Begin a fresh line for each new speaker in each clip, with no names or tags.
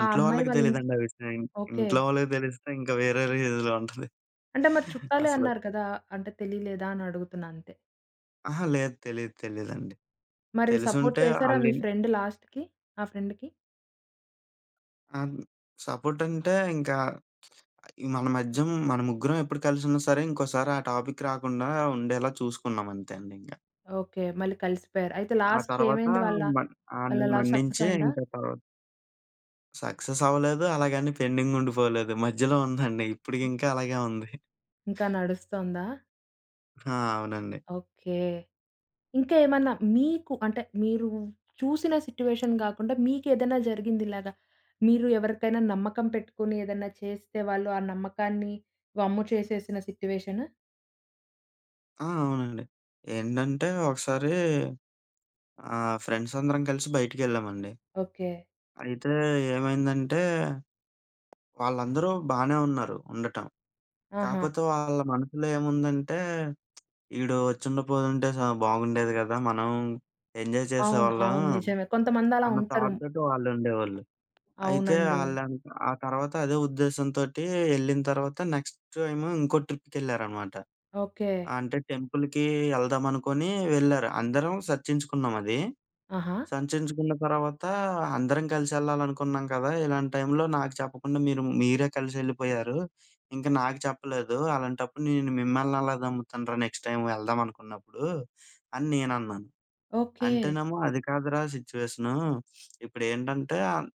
ఆ అమ్మాయి
వాళ్ళకి
వాళ్ళ ఇన్
తెలీదండి ఆ విషయం. ఇక్
ఓకే.
ఇంట్లో వాళ్ళకి తెలిస్తే ఇంకా వేరే రేంజ్‌లో ఉంటది,
అంటే మరి చుట్టాలే
అసలు.
అన్నారు కదా! అంటే తెలీలేదా అని అడుగుతున్నా అంతే.
అహా! లేదు. తెలీదు తెలీదండి.
మరి సపోర్ట్
తెలిసుంటే
చేసారా మీ
ఆల‌ని
ఫ్రెండ్ లాస్ట్‌కి? ఆ ఫ్రెండ్‌కి?
ఆంద్ సపోర్ట్ అంటే ఇంకా మన మధ్యం మన ముగ్గురం ఎప్పుడు కలిసున్నా సరే ఇంకోసారా టాపిక్ రాకుండా ఉండేలా చూసుకున్నాం అంతే అండి ఇంకా...
ఓకే. మళ్ళీ కలిసిపోయారు. అయితే
ఆ తర్వాత
లాస్ట్‌కేమైంది వాళ్ళ,
మన్
వాళ్ళ
ఆడిని
లవ్ సక్సెస్
మన్నించే
అయిందా?
ఇంకా తర్వా సక్సెస్ అవ్వలేదు. అలాగని పెండింగ్ ఉండిపోలేదు. మధ్యలో ఉందండి ఇప్పటికింకా అలాగే ఉంది.
ఇంకా నడుస్తోందా?
ఆ! అవునండి.
ఓకే. ఇంకా ఏమన్నా మీకు అంటే మీరు చూసిన సిట్యుయేషన్ గాకుండా మీకేదైనా జరిగిందిలాగా. మీరు ఎవరికైనా నమ్మకం పెట్టుకొని, ఏదైనా చేస్తే, వాళ్ళు ఆ నమ్మకాన్ని వమ్ము చేసేసిన సిట్యుయేషను?
ఆ! అవునండి. ఏంటంటే, ఒకసారి ఆహ్, ఫ్రెండ్స్ అందరం కలిసి బయటికెళ్ళామండి.
ఓకే.
అయితే ఏమైందంటే వాళ్ళందరూ బానే ఉన్నారు ఉండటం.
ఆహా!
కాకపోతే వాళ్ళ మనసులో ఏముందంటే ఈడు వచ్చిండపోయుంటే స బాగుండేది గదా! మనం ఎంజాయ్
అవును.
చేసేవాళ్ళం
అవును. నిజమే కొంతమందలా
అన్న
ఉంటారు.
థాట్‌తోటి వాళ్ళుండేవాళ్ళు. అయితే
అవునండి.
ఆళ్ళంత ఆ తర్వాత అదే ఉద్దేశంతోటి ఎళ్ళిన తర్వాత నెక్స్ట్ ఏమో ఇంకో ట్రిప్‌కెళ్లారనమాట.
ఓకే.
అంటే టెంపుల్‌కి ఎళ్దామనుకుని వెళ్లారు. అందరం సర్చించుకున్నాం అది.
ఆహా!
సంర్చించుకున్న తర్వాత అందరం కలిసేళ్లాలనుకున్నాం కదా! "ఇలాంటి టైంలో నాకు చెప్పకుండా మీరు మీరే కలిసెళ్ళిపోయారు. ఇంకా నాకు చెప్పలేదు. అలాంటప్పుడు నేను మిమ్మల్ని ఎలా నమ్ముతానురా? నెక్స్ట్ టైమ్ ఎళ్దామనుకున్నప్పుడు" అని నేనన్నాను.
ఓకే.
అంటేనేమో "అది కాదురా సిచ్యుయేషను" ఇప్పుడేంటంటే, అన్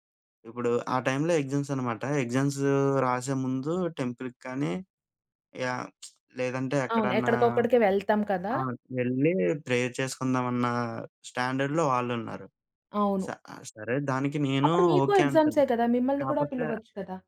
ఇప్పుడు, ఆ టైంలో ఎగ్జామ్స్ అన్నమాట. ఎగ్జామ్స్ రాసే ముందు టెంపుల్‌కి కానీ, యా లేదంటే
అవును.
ఎక్కడన్నా
ఎక్కడికొక్కడికే వెళ్తాం కదా!
ఆహ్, ఎళ్లి ప్రేయర్ చేసుకుందామన్న స్టాండర్డ్‌లో వాళ్ళున్నారు. స
అవును.
ఆహ్, సరే దానికి నేను
అప్పుడు మీకు
ఓకే
ఎగ్జామ్సే
అంటున్నా
కదా! మిమ్మల్ని కూడా
కాపోతే
పిలవచ్చు కదా!